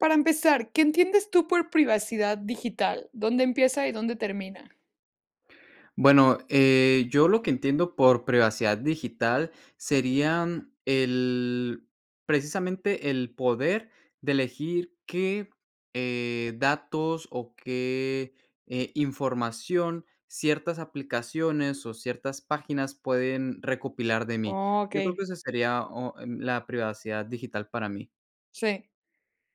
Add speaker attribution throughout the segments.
Speaker 1: Para empezar, ¿qué entiendes tú por privacidad digital? ¿Dónde empieza y dónde termina?
Speaker 2: Bueno, eh, yo lo que entiendo por privacidad digital serían el precisamente, el poder de elegir qué, eh, datos o qué, eh, información ciertas aplicaciones, o ciertas páginas pueden recopilar de mí. Yo creo que
Speaker 1: Okey.
Speaker 2: ese sería o m la privacidad digital para mí.
Speaker 1: Sí.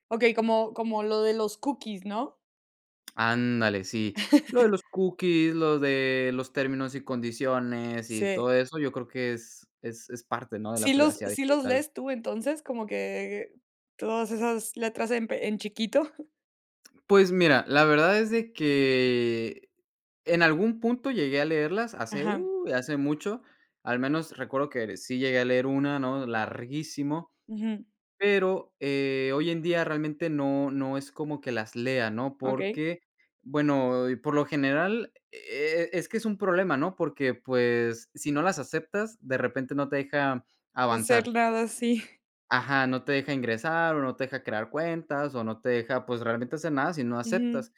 Speaker 1: Okey, como como lo de los cookies, ¿no?
Speaker 2: Ándale, sí. Lo de los cookies, lo de los términos y condiciones y
Speaker 1: Sí.
Speaker 2: todo eso, yo creo que es es es parte, ¿no?, de la
Speaker 1: ¿Sí los
Speaker 2: privacidad
Speaker 1: sí los
Speaker 2: digital.
Speaker 1: lees tú entonces?, como que, todas esas letras en pe en chiquito.
Speaker 2: Pues mira, la verdad es de que, en algún punto llegué a leerlas, hace
Speaker 1: Ajá.
Speaker 2: u, hace mucho. Al menos recuerdo que ere sí llegué a leer una, ¿no?, larguísimo.
Speaker 1: Ujú.
Speaker 2: Pero, eh, hoy en día realmente no no es como que las lea, ¿no?,
Speaker 1: Okey.
Speaker 2: porque bueno, por lo general, e e es que es un problema, ¿no?, porque, pues, si no las aceptas de repente, no te deja
Speaker 1: Hacer
Speaker 2: avanzar.
Speaker 1: nada, sí.
Speaker 2: Ajá, no te deja ingresar, o no te deja crear cuentas, o no te deja, pues, realmente hacer nada si no aceptas.
Speaker 1: Ujú.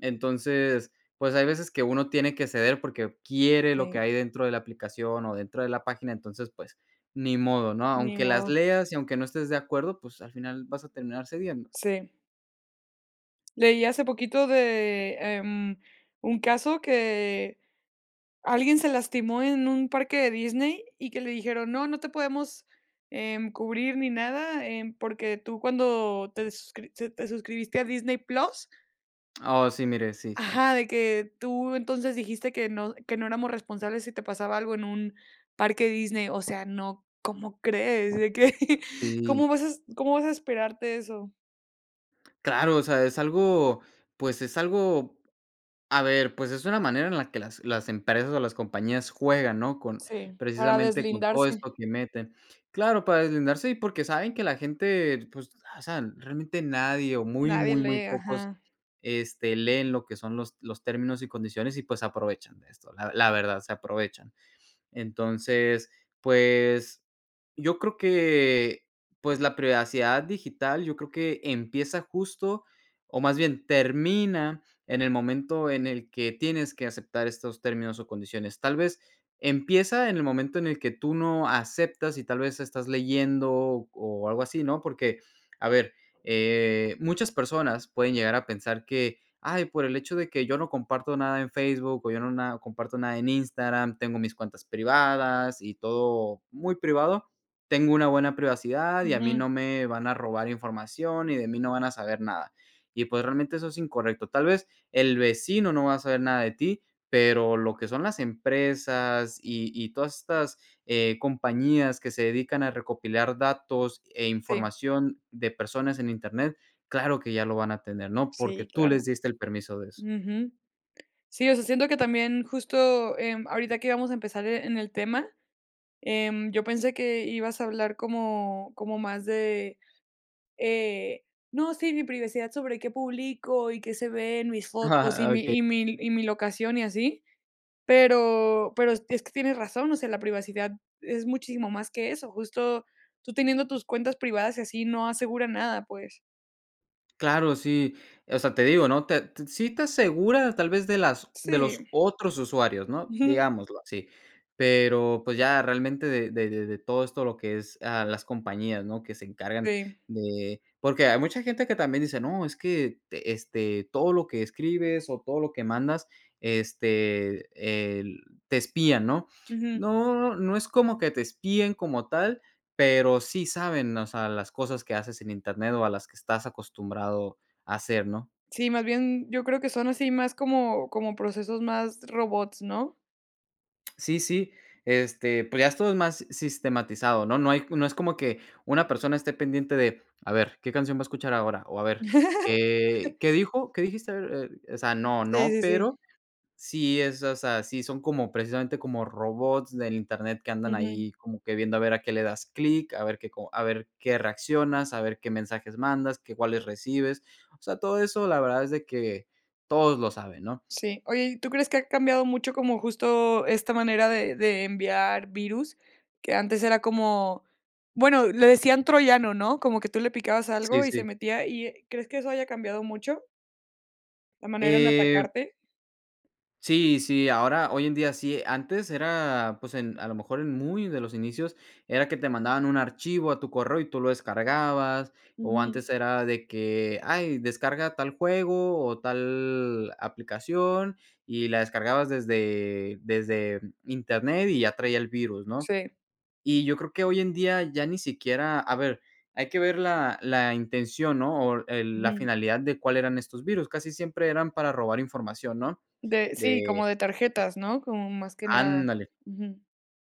Speaker 2: Entonces, pues hay veces que uno tiene que ceder porque quiere lo que
Speaker 1: Sí.
Speaker 2: hay dentro de la aplicación, o dentro de la página, entonces, pues, ni modo, ¿no?,
Speaker 1: Ni
Speaker 2: aunque las
Speaker 1: modo.
Speaker 2: leas y aunque no estés de acuerdo, pues, al final vas a terminar cediendo.
Speaker 1: Sí. Leí hace poquito de, em, un caso que alguien se lastimó en un parque de Disney, y que le dijeron: "No, no te podemos, em, cubrir ni nada, em, porque tú cuando te suscri se te suscribiste a Disney Plus"
Speaker 2: Oh, sí miré, sí.
Speaker 1: Ajá, de que: "Tú entonces dijiste que no que no éramos responsables si te pasaba algo en un parque Disney". O sea, no, ¿cómo crees? De que, ¿cómo
Speaker 2: Sí.
Speaker 1: vas a cómo vas a esperarte eso?
Speaker 2: Claro, o sea, es algo, pues, es algo, a ver, pues, es una manera en la que las las empresas o las compañías juegan, ¿no?, con
Speaker 1: Sí, para
Speaker 2: precisamente con todo
Speaker 1: deslindarse.
Speaker 2: esto que meten. Claro, para deslindarse, y, porque saben que la gente, pues hacen realmente nadie o muy,
Speaker 1: Nadie
Speaker 2: muy, muy
Speaker 1: lee,
Speaker 2: pocos,
Speaker 1: ajá.
Speaker 2: este, leen lo que son los los términos y condiciones, y pues se aprovechan esto. La la verdad se aprovechan. Entonces, pues yo creo que pues la privacidad digital, yo creo que empieza justo o más bien termina en el momento en el que tienes que aceptar estos términos o condiciones. Tal vez empieza en el momento en el que tú no aceptas y tal vez estás leyendo o algo así, ¿no? Porque, a ver, eh, muchas personas pueden llegar a pensar que, ay, por el hecho de que yo no comparto nada en Facebook, o yo no nada, o comparto nada en Instagram, tengo mis cuentas privadas y todo muy privado. Tengo una buena privacidad y a mí
Speaker 1: Ujú.
Speaker 2: no me van a robar información y de mí no van a saber nada. Y pues, realmente eso es incorrecto. Tal vez el vecino no va a saber nada de ti, pero lo que son las empresas y y todas estas, eh, compañías que se dedican a recopilar datos e
Speaker 1: Sí.
Speaker 2: información de personas en Internet, claro que ya lo van a tener, ¿no? Porque
Speaker 1: Sí,
Speaker 2: tú les
Speaker 1: claro.
Speaker 2: diste el permiso de eso.
Speaker 1: Ujú. Sí, o sea, siento que también justo, em, ahorita que íbamos a empezar, e en el tema, em, yo pensé que ibas a hablar como como más de, eh, no, sí, mi privacidad sobre qué publico y qué se ve en mis fotos y mi
Speaker 2: Okey.
Speaker 1: y mi y mi locación y así. Pero pero es es que tienes razón, o sea, la privacidad es muchísimo más que eso. Justo, tú teniendo tus cuentas privadas y así no asegura nada, pues.
Speaker 2: Claro, sí, o sea, te digo, no te t sí te asegura tal vez de las de los
Speaker 1: Sí.
Speaker 2: otros usuarios, ¿no?,
Speaker 1: Ujú.
Speaker 2: digámoslo, así. Pero, pues, ya realmente de de de de todo esto lo que es, ah, las compañías, ¿no?, que se encargan
Speaker 1: Sí.
Speaker 2: de porque hay mucha gente que también dice, no, es que te este, todo lo que escribes o todo lo que mandas, este, el te espían, ¿no?
Speaker 1: Ujú.
Speaker 2: No, no es como que te espíen como tal, pero sí saben, o sea, las cosas que haces en internet o a las que estás acostumbrado a hacer, ¿no?
Speaker 1: Sí, más bien, yo creo que son así más como como procesos más robots, ¿no?
Speaker 2: Sí, sí, este, pues, ya esto es más sistematizado. No no hay no es como que, una persona esté pendiente de, a ver, ¿qué canción va a escuchar ahora?, o a ver, ¿qué qué dijo? ¿Qué dijiste? A ver, eh, o sea, no,
Speaker 1: Sí,
Speaker 2: no,
Speaker 1: sí, sí.
Speaker 2: pero sí es, o sea, sí son como precisamente, como robots del internet que andan
Speaker 1: Ujú.
Speaker 2: ahí como que viendo a ver a qué le das clic, a ver qué co a ver qué reaccionas, a ver qué mensajes mandas, que cuáles recibes. O sea, todo eso la verdad es de que, todos lo saben, ¿no?
Speaker 1: Sí. Oye, ¿y tú crees que ha cambiado mucho como justo esta manera de de enviar virus?, que antes era como, bueno, le decían Troyano, ¿no?, como que tú le picabas
Speaker 2: Sí,
Speaker 1: algo y se
Speaker 2: sí.
Speaker 1: metía, y, eh, ¿crees que eso haya cambiado mucho? La manera en
Speaker 2: Eh
Speaker 1: atacarte.
Speaker 2: sí, sí, ahora, hoy en día sí, antes era, pues, en a lo mejor en muy de los inicios era que te mandaban un archivo a tu correo y tú lo descargabas, o
Speaker 1: Ujú.
Speaker 2: antes era de que, ay descarga tal juego o tal aplicación, y la descargabas desde desde internet y ya traía el virus, ¿no?,
Speaker 1: Sí.
Speaker 2: y yo creo que hoy en día ya ni siquiera a ver, hay que ver la la intención, ¿no?, o el la
Speaker 1: Ujú.
Speaker 2: finalidad de cuál eran estos virus. Casi siempre eran para robar información, ¿no?
Speaker 1: De, sí, como
Speaker 2: De
Speaker 1: de tarjetas, ¿no?, como más que nada.
Speaker 2: Ándale.
Speaker 1: Ujú.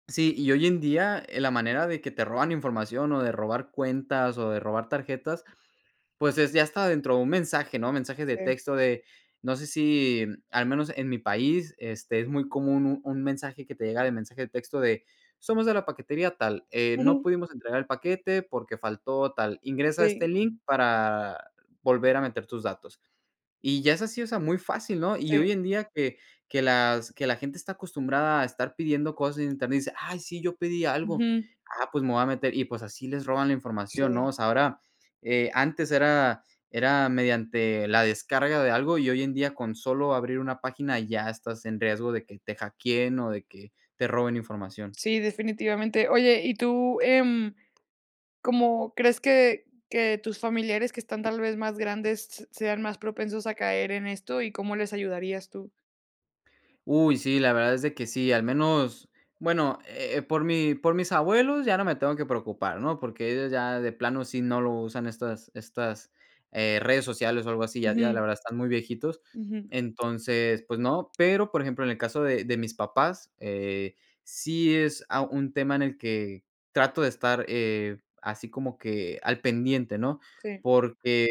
Speaker 2: Sí, y hoy en día, la manera de que te roban información, o de robar cuentas, o de robar tarjetas, pues, es ya hasta dentro de un mensaje, ¿no?, mensaje de
Speaker 1: Sí.
Speaker 2: texto de, no sé, si al menos en mi país, este, es muy común un un mensaje que te llega de mensaje de texto de: "Somos de la paquetería tal, eh, no
Speaker 1: Ujú.
Speaker 2: pudimos entregar el paquete porque faltó tal. Ingresa este
Speaker 1: Sí.
Speaker 2: link para volver a meter tus datos". Y ya es así, o sea, muy fácil, ¿no?, y
Speaker 1: Sí.
Speaker 2: hoy en día que que las que la gente está acostumbrada a estar pidiendo cosas en Internet, dice: "Ay sí, yo pedí algo.
Speaker 1: Ujú.
Speaker 2: Ah, pues me voy a meter", y pues, así les roban la información, ¿no?,
Speaker 1: Sí.
Speaker 2: o sea, ahora, eh, antes era era mediante la descarga de algo, y hoy en día con solo abrir una página ya estás en riesgo de que te hackeen o de que te roben información.
Speaker 1: Sí, definitivamente. Oye, y tú, em, ¿cómo crees que que tus familiares, que están tal vez, más grandes, s sean más propensos a caer en esto, y cómo les ayudarías tú?
Speaker 2: Uy, sí, la verdad es de que sí, al menos, bueno, eh, por mi por mis abuelos ya no me tengo que preocupar, ¿no? Porque ellos ya de plano sí no lo usan estas estas, eh, redes sociales o algo así, ya ya la
Speaker 1: Ujú.
Speaker 2: verdad están muy viejitos.
Speaker 1: Ujú.
Speaker 2: Entonces, pues no, pero, por ejemplo, en el caso de de mis papás, eh, sí es, ah, un tema en el que trato de estar, eh, así como que al pendiente, ¿no?
Speaker 1: Sí.
Speaker 2: Porque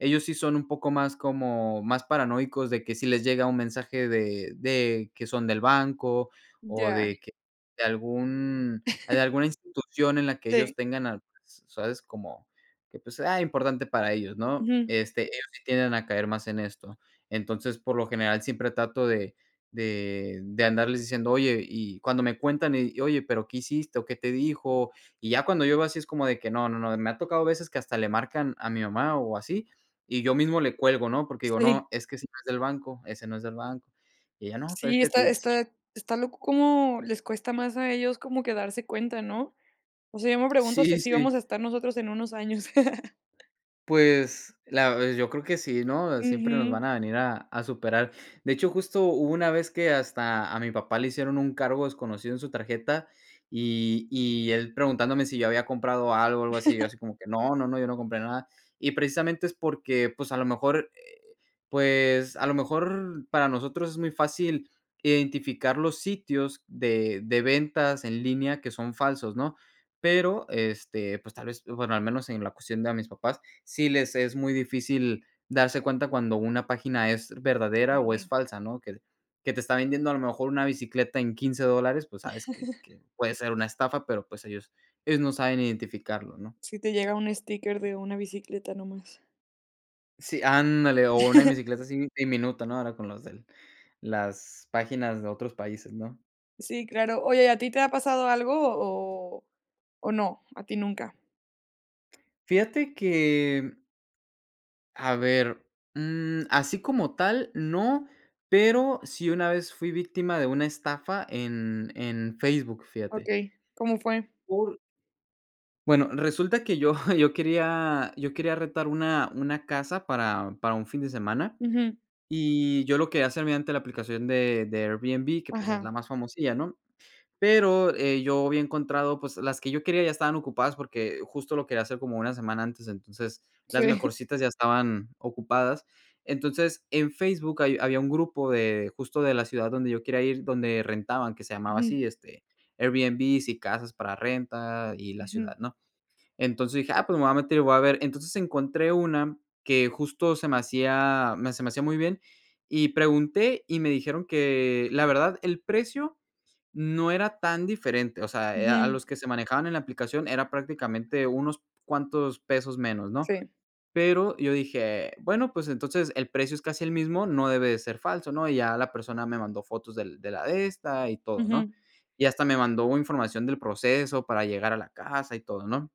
Speaker 2: ellos sí son un poco más como más paranoicos de que sí les llega un mensaje de de que son del banco o
Speaker 1: Ya.
Speaker 2: de que de algún de alguna institución en la que
Speaker 1: Sí.
Speaker 2: ellos tengan, [unintelligible] ¿sabes?, como que pues sea importante para ellos, ¿no?
Speaker 1: Ujú.
Speaker 2: Este, ellos sí tienden a caer más en esto. Entonces, por lo general siempre trato de de de andarles diciendo: "Oye" y cuando me cuentan y: "Oye, pero ¿qué hiciste o qué te dijo?". Y ya cuando yo veo así es como de que no, no, no, y me ha tocado a veces que hasta le marcan a mi mamá o así, y yo mismo le cuelgo, ¿no? Porque digo:
Speaker 1: Sí.
Speaker 2: "No, es que ese no es del banco, ese no es del banco". Y ella: "No, pero es
Speaker 1: Sí,
Speaker 2: que
Speaker 1: está
Speaker 2: te". Sí.
Speaker 1: está está loco como les cuesta más a ellos como que darse cuenta, ¿no? O sea, yo me pregunto si
Speaker 2: Sí,
Speaker 1: así
Speaker 2: sí.
Speaker 1: vamos a estar nosotros en unos años.
Speaker 2: Pues la pues yo creo que sí, ¿no? Siempre nos
Speaker 1: Ujú.
Speaker 2: van a venir a a superar. De hecho, justo hubo una vez que hasta a mi papá le hicieron un cargo desconocido en su tarjeta y y él preguntándome si yo había comprado algo, algo así, yo así como que: "No, no, no, yo no compré nada". Y precisamente es porque, pues, a lo mejor, eh, pues, a lo mejor para nosotros es muy fácil identificar los sitios de de ventas en línea que son falsos, ¿no? Pero, este, pues, tal vez, bueno, al menos en la cuestión de a mis papás, sí les es muy difícil darse cuenta cuando una página es verdadera o es
Speaker 1: Sí.
Speaker 2: falsa, ¿no? que que te está vendiendo a lo mejor una bicicleta en 15 dólares, pues sabes que que puede ser una estafa, pero pues ellos ellos no saben identificarlo, ¿no?
Speaker 1: Sí, te llega 1 sticker de una bicicleta nada más.
Speaker 2: Sí, ándale, o una bicicleta así diminuta, ¿no? ahora con las del las páginas de otros países, ¿no?
Speaker 1: Sí, claro. Oye, ¿y a ti te ha pasado algo o o no, a ti nunca?
Speaker 2: Fíjate que, mm a ver, mm, así como tal no, pero sí una vez fui víctima de una estafa en, en Facebook, fíjate.
Speaker 1: Okey, ¿cómo fue?
Speaker 2: Por Bueno, resulta que yo yo quería yo quería rentar una una casa para para un fin de semana,
Speaker 1: Ujú.
Speaker 2: y yo lo quería hacer mediante la aplicación de de Airbnb que, pues, es
Speaker 1: Ajá.
Speaker 2: la más famosilla, ¿no? Pero, eh, yo había encontrado pues, las que yo quería ya estaban ocupadas, porque justo lo quería hacer como 1 semana antes, entonces las
Speaker 1: Sí.
Speaker 2: mejorcitas ya estaban ocupadas. Entonces, en Facebook hay había un grupo de justo de la ciudad donde yo quería ir, donde rentaban, que se llamaba
Speaker 1: Ujú.
Speaker 2: así, este, "Airbnb y casas para renta y la
Speaker 1: Ujú.
Speaker 2: ciudad", ¿no? Entonces dije: "Ah, pues, me voy a meter y voy a ver". Entonces encontré una que justo se me hacía, me se me hacía muy bien, y pregunté, y me dijeron que la verdad el precio no era tan diferente, o sea, eh, a
Speaker 1: Ujú.
Speaker 2: los que se manejaban en la aplicación era prácticamente unos cuantos pesos menos, ¿no?
Speaker 1: Sí.
Speaker 2: Pero, yo dije: "Bueno, pues, entonces el precio es casi el mismo, no debe de ser falso", ¿no? Y ya la persona me mandó fotos del de la de esta, y todo, ¿no?
Speaker 1: Ujú.
Speaker 2: Y hasta me mandó información del proceso para llegar a la casa y todo, ¿no?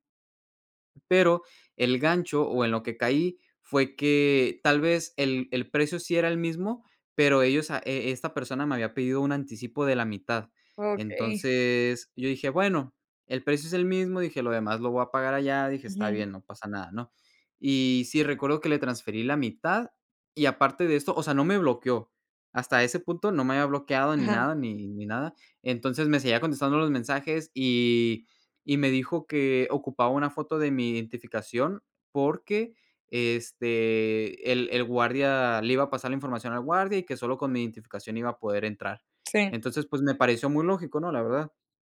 Speaker 2: Pero el gancho, o en lo que caí fue que tal vez el el precio sí era el mismo, pero ellos a e esta persona me había pedido un anticipo de la mitad.
Speaker 1: Okey.
Speaker 2: Entonces, yo dije: "Bueno, el precio es el mismo", dije: "Lo demás lo voy a pagar allá", dije: "Está
Speaker 1: Ujú.
Speaker 2: bien, no pasa nada", ¿no? Y sí, recuerdo que le transferí la mitad y aparte de esto o sea, no me bloqueó, hasta ese punto no me había bloqueado en
Speaker 1: Ajá.
Speaker 2: nada ni ni nada. Entonces, me seguía contestando los mensajes, y y me dijo que ocupaba una foto de mi identificación porque, este, el el guardia le iba a pasar la información al guardia, y que solo con mi identificación iba a poder entrar.
Speaker 1: Sí.
Speaker 2: Entonces, pues, me pareció muy lógico, ¿no? La verdad.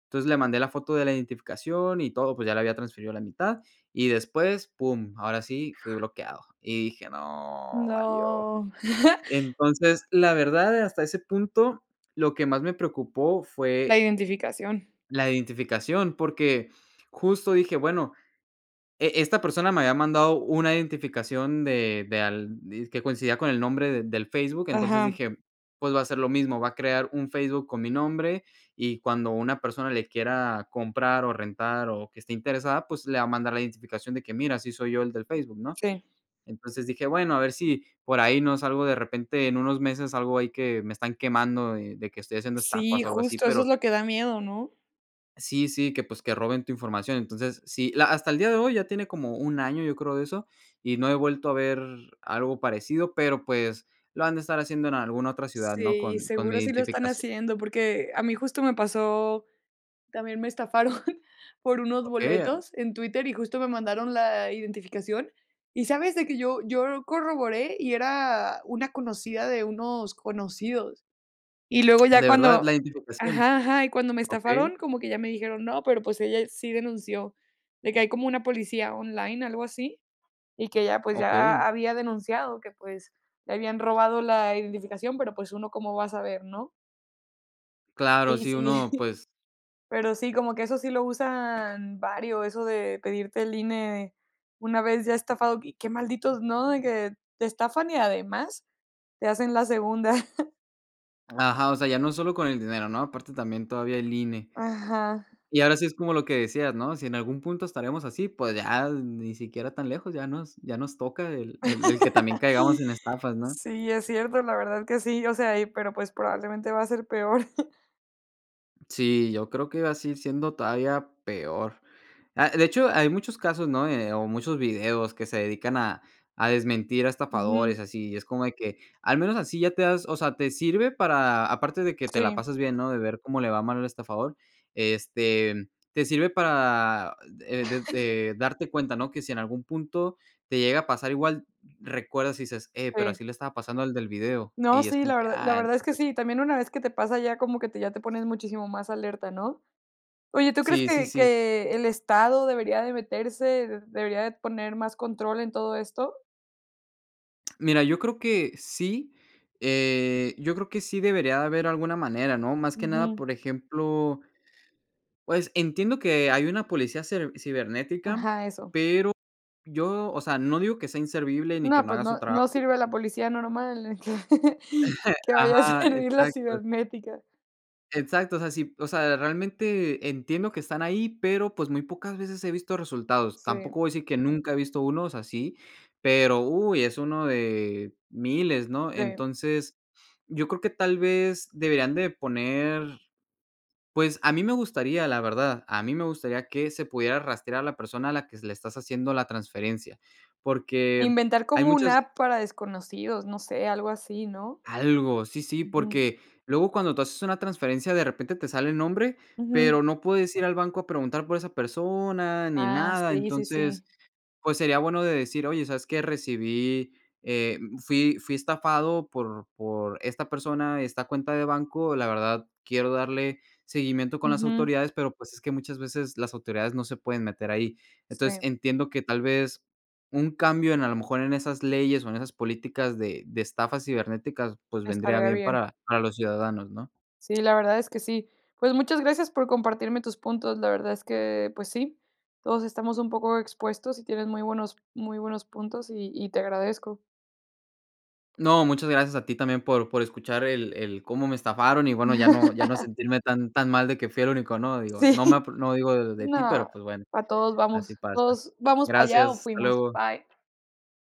Speaker 2: Entonces, le mandé la foto de la identificación y todo, pues, ya la había transferido la mitad y después, pum, ahora sí fui bloqueado. Y dije: "¡No!, valió".
Speaker 1: ¡No!
Speaker 2: Entonces, la verdad, hasta ese punto lo que más me preocupó
Speaker 1: La
Speaker 2: fue
Speaker 1: identificación.
Speaker 2: la identificación, porque justo dije: "Bueno" E esta persona me había mandado una identificación de de al dizque coincidía con el nombre de del Facebook", entonces
Speaker 1: Ajá.
Speaker 2: dije: "Pues va a ser lo mismo, va a crear un Facebook con mi nombre, y cuando una persona le quiera comprar, o rentar, o que esté interesada, pues, le va a mandar la identificación de que: "Mira, sí soy yo el del Facebook'", ¿no?
Speaker 1: Sí.
Speaker 2: Entonces dije: "Bueno, a ver si por ahí no salgo, de repente en unos meses, salgo ahí que me están quemando, eh, de de que estoy haciendo
Speaker 1: Sí,
Speaker 2: estafas, o algo así",
Speaker 1: justo eso es
Speaker 2: pero
Speaker 1: lo que da miedo, ¿no?
Speaker 2: Sí, sí, que, pues, que roben tu información. Entonces, sí, la hasta el día de hoy, ya tiene como 1 año, yo creo de eso, y no he vuelto a ver algo parecido, pero, pues, lo han de estar haciendo en alguna otra ciudad, ¿no?,
Speaker 1: Sí,
Speaker 2: con con
Speaker 1: seguro
Speaker 2: mi
Speaker 1: sí lo están
Speaker 2: identificación.
Speaker 1: haciendo, porque a mí justo me pasó también me estafaron por unos
Speaker 2: Okey a
Speaker 1: boletos en Twitter, y justo me mandaron la identificación, ¿y sabes?, de que yo yo lo corroboré y era una conocida de unos conocidos. Y luego ya
Speaker 2: ¿De verdad? ¿La
Speaker 1: cuando
Speaker 2: identificación?
Speaker 1: ajá, ajá y cuando me
Speaker 2: Okey.
Speaker 1: estafaron, como que ya me dijeron: "No, pero, pues, ella sí denunció". De que hay como una policía online, algo así. Y que ya, pues, ya
Speaker 2: Okey.
Speaker 1: había denunciado que, pues, le habían robado la identificación, pero, pues, uno cómo va a saber, ¿no?
Speaker 2: Claro,
Speaker 1: Sí,
Speaker 2: sí,
Speaker 1: sí,
Speaker 2: uno pues
Speaker 1: pero sí, como que eso sí lo usan varios, eso de pedirte el INE una vez ya estafado, qué malditos, ¿no?, de que te estafan y además te hacen la segunda.
Speaker 2: Ajá, o sea, ya no solo con el dinero, ¿no?, aparte también todavía el INE.
Speaker 1: Ajá.
Speaker 2: Y ahora sí es como lo que decías, ¿no?, si en algún punto estaremos así, pues, ya, ni siquiera tan lejos ya nos ya nos toca el el el que también caigamos en estafas, ¿no?
Speaker 1: Sí, es cierto, la verdad que sí, o sea, ahí, pero, pues, probablemente va a ser peor.
Speaker 2: Sí, yo creo que así siendo todavía peor, ah, de hecho, hay muchos casos, ¿no?, eh, o muchos videos que se dedican a a desmentir a
Speaker 1: Ujú.
Speaker 2: estafadores, así, es como de que al menos así ya te das, o sea, te sirve para, aparte de que te la
Speaker 1: Sí.
Speaker 2: pasas bien, ¿no?, de ver cómo le va mal el estafador, este, te sirve para, eh, desde darte cuenta, ¿no?, que si en algún punto te llega a pasar igual, recuerdas, y dices: "Eh, pero, así
Speaker 1: Sí.
Speaker 2: le estaba pasando al del video",
Speaker 1: No,
Speaker 2: y es
Speaker 1: sí,
Speaker 2: como
Speaker 1: la
Speaker 2: que,
Speaker 1: verdad la
Speaker 2: ah,
Speaker 1: verdad es que
Speaker 2: entonces.
Speaker 1: sí, también una vez que te pasa, ya como que te ya te pones muchísimo más alerta, ¿no?, oye, ¿tú crees
Speaker 2: Sí, sí,
Speaker 1: que
Speaker 2: sí.
Speaker 1: que el estado debería de meterse, debería de poner más control en todo esto?
Speaker 2: Mira, yo creo que sí, eh, yo creo que sí debería de haber alguna manera, ¿no? Más que nada,
Speaker 1: Ujú.
Speaker 2: por ejemplo Pues, entiendo que, eh, hay una policía cer cibernética,
Speaker 1: Ajá, eso.
Speaker 2: pero yo, o sea, no digo que sea inservible ni que
Speaker 1: No,
Speaker 2: no
Speaker 1: pues
Speaker 2: haga su
Speaker 1: no
Speaker 2: trabajo.
Speaker 1: no sirve la policía normal, que vaya a
Speaker 2: Ajá,
Speaker 1: servir la
Speaker 2: exacto.
Speaker 1: cibernética.
Speaker 2: Exacto, o sea, sí, o sea, realmente entiendo que están ahí, pero, pues, muy pocas veces he visto resultados.
Speaker 1: Sí.
Speaker 2: Tampoco voy a decir que nunca he visto unos así, pero, uy, es uno de miles, ¿no?
Speaker 1: Sí.
Speaker 2: Entonces, yo creo que tal vez deberían de poner pues, a mí me gustaría, la verdad, a mí me gustaría que se pudiera rastrear a la persona a la que s le estás haciendo la transferencia, porque
Speaker 1: Inventar
Speaker 2: hay
Speaker 1: como una
Speaker 2: muchas
Speaker 1: app para desconocidos, no sé, algo así, ¿no?
Speaker 2: Algo, sí, sí,
Speaker 1: Ujú.
Speaker 2: porque luego cuando tú haces una transferencia de repente te sale el nombre,
Speaker 1: Ujú.
Speaker 2: pero no puedes ir al banco a preguntar por esa persona ni
Speaker 1: Ah,
Speaker 2: nada.
Speaker 1: sí, sí, sí.
Speaker 2: Entonces, pues sería bueno de decir: "Oye, sabes qué, recibí eh, mm, fui fui estafado por por esta persona, esta cuenta de banco, la verdad quiero darle seguimiento con las
Speaker 1: Ujú.
Speaker 2: autoridades", pero, pues, es que muchas veces las autoridades no se pueden meter ahí, entonces
Speaker 1: Sí.
Speaker 2: entiendo que tal vez un cambio en a lo mejor en esas leyes o en esas políticas de de estafas cibernéticas, pues, vendría
Speaker 1: Estaría
Speaker 2: bien
Speaker 1: bien.
Speaker 2: para para los ciudadanos, ¿no?
Speaker 1: Sí, la verdad es que sí. Pues, muchas gracias por compartirme tus puntos, la verdad es que, pues sí, todos estamos un poco expuestos, y tienes muy buenos muy buenos puntos, y y te agradezco.
Speaker 2: No, muchas gracias a ti también por por escuchar el el cómo me estafaron, y bueno, ya no ya no sentirme tan tan mal de que fui el único, ¿no? Digo, no me a
Speaker 1: Sí.
Speaker 2: p no digo de de ti,
Speaker 1: No,
Speaker 2: pero, pues, bueno,
Speaker 1: pa todos vamos,
Speaker 2: así pasa.
Speaker 1: todos vamos para allá,
Speaker 2: Gracias,
Speaker 1: o
Speaker 2: hasta
Speaker 1: fuimos.
Speaker 2: luego.
Speaker 1: Bye.